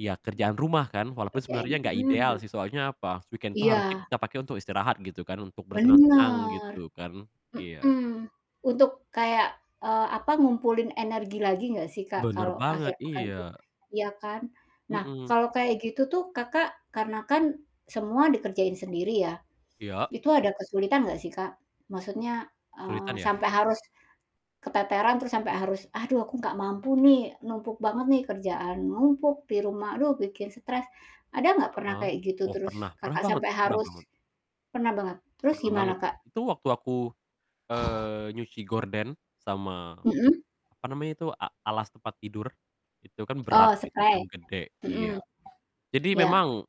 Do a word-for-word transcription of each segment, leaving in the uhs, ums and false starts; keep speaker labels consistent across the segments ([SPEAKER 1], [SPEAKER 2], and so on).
[SPEAKER 1] Ya
[SPEAKER 2] Mmm.
[SPEAKER 1] kerjaan rumah kan, walaupun
[SPEAKER 2] Kerjaan
[SPEAKER 1] sebenernya enggak ideal
[SPEAKER 2] mmm.
[SPEAKER 1] sih, soalnya apa? Weekend tuh harusnya
[SPEAKER 2] Iya.
[SPEAKER 1] kita pake untuk istirahat gitu kan, untuk bersenang-senang
[SPEAKER 2] Bener.
[SPEAKER 1] gitu kan. Iya.
[SPEAKER 2] Mhm. Untuk kayak, eee, apa, ngumpulin energi lagi enggak sih Kak
[SPEAKER 1] Bener
[SPEAKER 2] kalau
[SPEAKER 1] banget.
[SPEAKER 2] akhir pekan
[SPEAKER 1] Iya.
[SPEAKER 2] tuh? Iya kan? Nah,
[SPEAKER 1] Mhm.
[SPEAKER 2] kalau kayak gitu tuh Kakak, karena kan semua dikerjain sendiri ya,
[SPEAKER 1] Iya.
[SPEAKER 2] itu ada kesulitan nggak sih Kak? Maksudnya, eee,
[SPEAKER 1] Kesulitan, ya?
[SPEAKER 2] sampai harus keteteran, terus sampai harus, "Aduh, aku nggak mampu nih, numpuk banget nih. Kerjaan numpuk, di rumah, aduh, bikin stres." Ada nggak pernah
[SPEAKER 1] Heeh,
[SPEAKER 2] kayak gitu
[SPEAKER 1] oh
[SPEAKER 2] terus
[SPEAKER 1] pernah. Pernah
[SPEAKER 2] Kakak
[SPEAKER 1] banget
[SPEAKER 2] sampai
[SPEAKER 1] pernah
[SPEAKER 2] harus
[SPEAKER 1] banget.
[SPEAKER 2] pernah banget? Terus
[SPEAKER 1] Pernah
[SPEAKER 2] gimana
[SPEAKER 1] banget.
[SPEAKER 2] Kak?
[SPEAKER 1] Itu waktu aku, eee, nyuci gorden sama,
[SPEAKER 2] Mhm.
[SPEAKER 1] apa namanya itu, a alas tempat tidur, itu kan berat
[SPEAKER 2] Oh,
[SPEAKER 1] gitu kan,
[SPEAKER 2] sprei.
[SPEAKER 1] gede. Iya.
[SPEAKER 2] Mhm.
[SPEAKER 1] Jadi
[SPEAKER 2] Iya.
[SPEAKER 1] memang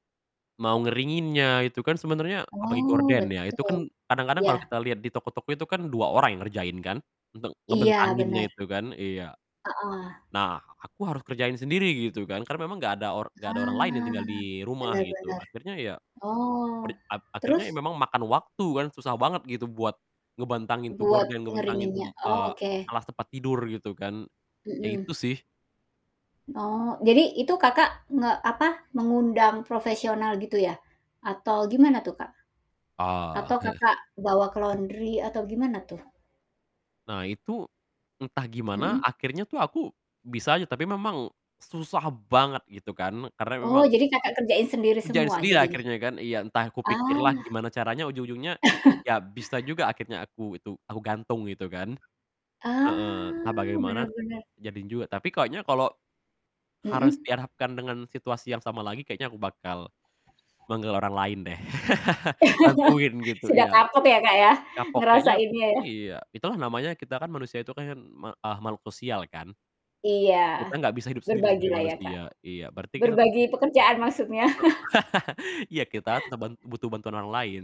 [SPEAKER 1] mau ngeringinnya, itu kan sebenernya apalagi
[SPEAKER 2] Oh
[SPEAKER 1] gorden ya itu
[SPEAKER 2] betul.
[SPEAKER 1] kan kadang-kadang kalau kita
[SPEAKER 2] Ya.
[SPEAKER 1] liat di toko-toko itu kan dua orang yang ngerjain kan, untuk
[SPEAKER 2] Iya
[SPEAKER 1] ngebentanginnya
[SPEAKER 2] bener. Heeh.
[SPEAKER 1] itu kan. Iya.
[SPEAKER 2] Heeh.
[SPEAKER 1] Nah, aku harus kerjain sendiri gitu kan, karena memang enggak ada or enggak ada orang lain yang
[SPEAKER 2] Ah,
[SPEAKER 1] tinggal di rumah
[SPEAKER 2] bener
[SPEAKER 1] gitu,
[SPEAKER 2] bener.
[SPEAKER 1] akhirnya ya
[SPEAKER 2] Oh.
[SPEAKER 1] per ap akhirnya
[SPEAKER 2] Terus?
[SPEAKER 1] memang ya makan waktu kan, susah banget gitu buat ngebentangin tuh
[SPEAKER 2] Buat
[SPEAKER 1] gorden, ngebantangin
[SPEAKER 2] ngeringinnya,
[SPEAKER 1] tuh,
[SPEAKER 2] oh,
[SPEAKER 1] eee,
[SPEAKER 2] oke.
[SPEAKER 1] alas tempat tidur, gitu kan. Ya itu
[SPEAKER 2] Mhm.
[SPEAKER 1] sih.
[SPEAKER 2] Oh, jadi itu Kakak nge apa, mengundang profesional gitu ya? Atau gimana tuh Kak?
[SPEAKER 1] Oh,
[SPEAKER 2] Atau
[SPEAKER 1] heeh.
[SPEAKER 2] Kakak bawa ke laundry atau gimana tuh?
[SPEAKER 1] Nah itu, entah gimana
[SPEAKER 2] Mhm.
[SPEAKER 1] akhirnya tuh aku bisa aja, tapi memang susah banget gitu kan, karena
[SPEAKER 2] Oh,
[SPEAKER 1] memang
[SPEAKER 2] jadi Kakak kerjain sendiri
[SPEAKER 1] Kerjain
[SPEAKER 2] semua,
[SPEAKER 1] sendiri
[SPEAKER 2] jadi?
[SPEAKER 1] akhirnya kan. Iya, entah kupikir lah
[SPEAKER 2] Ah.
[SPEAKER 1] gimana caranya, ujung-ujungnya ya bisa juga akhirnya aku itu aku gantung, gitu kan.
[SPEAKER 2] Ah,
[SPEAKER 1] Heeh, entah bagaimana,
[SPEAKER 2] bener bener.
[SPEAKER 1] jadi juga. Tapi kayaknya kalo harus
[SPEAKER 2] Mhm.
[SPEAKER 1] dihadapkan dengan situasi yang sama lagi kayaknya aku bakal manggil orang lain deh, bantuin gitu.
[SPEAKER 2] Sudah
[SPEAKER 1] Iya.
[SPEAKER 2] kapok ya Kak ya,
[SPEAKER 1] Kapok. Kayaknya
[SPEAKER 2] ngerasainnya ya.
[SPEAKER 1] iya, itulah namanya kita kan manusia itu kan me eee, makhluk sosial kan. Kita
[SPEAKER 2] Iya,
[SPEAKER 1] gak bisa hidup sendiri
[SPEAKER 2] berbagi
[SPEAKER 1] sebagai
[SPEAKER 2] lah ya Kak.
[SPEAKER 1] manusia. Iya berarti kita
[SPEAKER 2] Berbagi untuk kerjaan maksudnya.
[SPEAKER 1] E Iya kita tetap ban butuh bantuan orang lain.